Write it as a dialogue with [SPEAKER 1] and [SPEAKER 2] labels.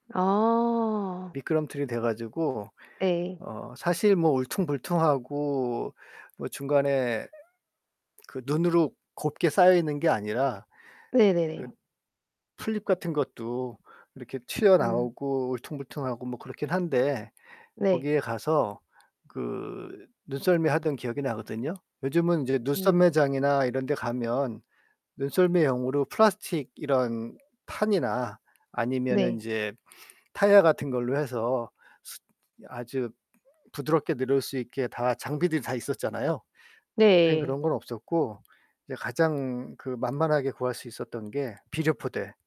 [SPEAKER 1] 아.
[SPEAKER 2] 미끄럼틀이 돼 가지고
[SPEAKER 1] 네.
[SPEAKER 2] 어 사실 뭐 울퉁불퉁하고 뭐 중간에 그 눈으로 곱게 쌓여있는 게 아니라 그
[SPEAKER 1] 네네네.
[SPEAKER 2] 풀잎 같은 것도 이렇게
[SPEAKER 1] 음.
[SPEAKER 2] 튀어나오고 울퉁불퉁하고 뭐 그렇긴 한데
[SPEAKER 1] 네.
[SPEAKER 2] 거기에 가서 그 눈썰매하던 기억이 나거든요. 요즘은 이제
[SPEAKER 1] 음.
[SPEAKER 2] 눈썰매장이나 이런 데 가면 눈썰매용으로 플라스틱 이런 판이나 아니면은
[SPEAKER 1] 네.
[SPEAKER 2] 인제 타이어 같은 걸로 해서 스 아주 부드럽게 내려올 수 있게 다 장비들이 다 있었잖아요. 그땐 그런
[SPEAKER 1] 네.
[SPEAKER 2] 건 없었고, 이제 가장 그 만만하게 구할 수 있었던 게 비료 포대.